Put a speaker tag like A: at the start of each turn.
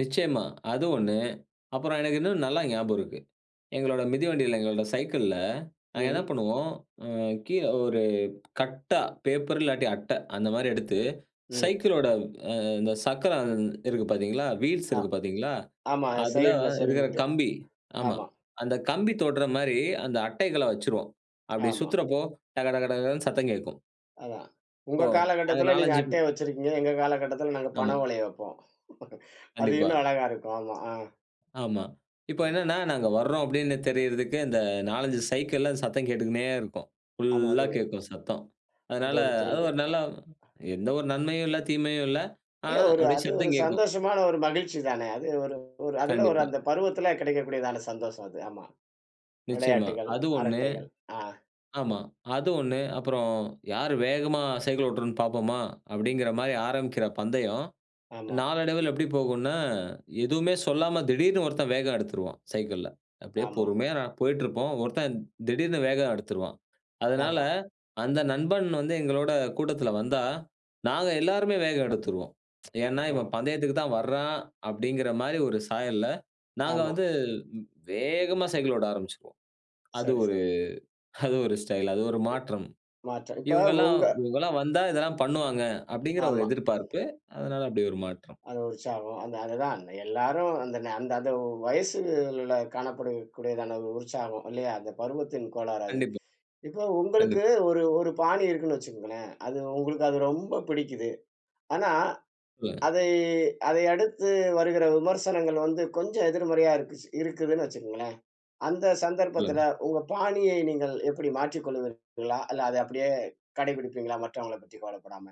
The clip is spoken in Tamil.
A: நிச்சயமா. அது ஒண்ணு, அப்புறம் எனக்கு இன்னும் நல்லா ஞாபகம் இருக்கு. எங்களோட மிதிவண்டியில எங்களோட சைக்கிள்ல நாங்க என்ன
B: ம்.
A: பண்ணுவோம்? அ கீழ ஒரு கட்டா, பேப்பர் இல்லாட்டி அட்ட, அந்த மாரி எடுத்து
B: ம்.
A: சைக்கிளோட இந்த சக்கரம் இருக்கு பார்த்தீங்களா? வீல்ஸ்
B: ஆ
A: இருக்கு பார்த்தீங்களா,
B: ஆமா.
A: அதில
B: சைடில
A: இருக்கிற
B: சொருவிட்டு
A: கம்பி ஆமா
B: ஆமா.
A: அந்த கம்பி தொடுற மாரி, அந்த அட்டைகள வச்சுருவோம். அப்புடி
B: ஆமா.
A: சுத்துறப்போ டக டக டகன்னு சத்தம் கேட்கும்
B: அதான்,
A: ஓ!
B: உங்க
A: அங்கே
B: காலகட்டத்தில் நீங்க
A: நாலஞ்சு பே
B: அட்டைய வச்சிருக்கீங்க. எங்க காலகட்டத்தில் நாங்க
A: ஆமா.
B: பண ஓலைய வைப்போம். அது
A: கண்டிப்பா.
B: இன்னும் அழகா இருக்கும், ஆமா. ஆ.
A: ஆமா. இப்போ
B: ம்.
A: என்னன்னா, நாங்க வர்றோம் அப்படின்னு தெரியறதுக்கு இந்த நாலஞ்சு சைக்கிள்ல சத்தம் கேட்டுக்கினே இருக்கும்.
B: ஆமா அது
A: புல்லா
B: ஒ
A: கேட்கும் சத்தம்.
B: அது
A: அதனால
B: ஒரு
A: அது
B: த்ரில்
A: ஒரு நல்ல எந்த ஒரு நன்மையும் இல்ல, தீமையும் இல்ல.
B: இல்ல
A: ஆனா
B: ஒரு
A: அப்படியே
B: அது ஒரு
A: சத்தம் கேட்கும்.
B: சந்தோஷமான ஒரு மகிழ்ச்சி தானே. அது ஒரு அதுல
A: கண்டிப்பா.
B: அந்த பருவத்துல கிடைக்கக்கூடியதான சந்தோஷம் அது ஆமா.
A: நிச்சயமா
B: விளையாட்டுகள்,
A: அது ஒண்ணு.
B: அரட்டைகள். அ.
A: ஆமா அது ஒண்ணு, அப்புறம் யார் வேகமா சைக்கிள் ஓட்டுறோம்னு பார்ப்போமா? அப்படின்கிற மாதிரி ஆரம்பிக்கிற பந்தயம்,
B: ஆமா.
A: நாளடைவில எப்படி போகும்னா எதுவுமே சொல்லாம திடீர்ன்னு ஒருத்தன் வேகம் எடுத்துருவான் சைக்கிள்ல. அப்படியே
B: ஆமா.
A: பொறுமையா போயிட்டு இருப்போம். ஒருத்தன்திடீர்ன்னு வேகம் எடுத்துருவான். அதனால
B: ஆமா.
A: அந்த நண்பன் வந்து எங்களோட கூட்டத்தில வந்தா, நாங்க எல்லாருமே வேகம் எடுத்துருவோம். ஏன்னா இவன்
B: ஓ!
A: பந்தயத்துக்கு தான் வர்றான் அப்படின்கிற மாதிரி ஒரு சாயல்ல, நாங்க
B: ஆமா.
A: வந்து வேகமா சைக்கிள் ஓட்ட ஆரம்பிச்சுருவோம். அது
B: சரி,
A: ஒரு
B: சரி.
A: அது ஒரு ஸ்டைல், அது ஒரு மாற்றம்.
B: மாற்றம். இப்போ
A: இவங்கள்லாம்
B: உங்க
A: இவங்கள்லாம் வந்தா இதெல்லாம் பண்ணுவாங்க அப்படிங்கிற ஒரு
B: ஆமா.
A: எதிர்பார்ப்பு. அதனால அப்படி ஒரு மாற்றம்.
B: அது உற்சாகம். அந்த அதுதான், எல்லாரும் அந்த ந அந்த அந்த வயசுல காணப்படக்கூடியதான உற்சாகம் இல்லையா! அந்த பருவத்தின் கோளாறு அது.
A: கண்டிப்பா.
B: இப்போ உங்களுக்கு
A: கண்டிப்
B: ஒரு ஒரு பாணி இருக்குனு வச்சுக்கோங்களேன், அது உங்களுக்கு அது ரொம்ப பிடிக்கிது. ஆனா
A: சொல்லுங்க.
B: அதை அதை அடுத்து வருகிற விமர்சனங்கள் வந்து கொஞ்சம் எதிர்மறையா இருக்கி இருக்குதுனு வச்சுக்கோங்களேன், அந்த சந்தர்ப்பத்தில
A: சொல்லுங்க.
B: உங்க பாணியை நீங்கள் எப்படி மாற்றிக் கொள்வீர்களா? இல்ல அதை அப்படியே கடைபிடிப்பீங்களா? மற்றவங்கள பற்றி கவலைப்படாம.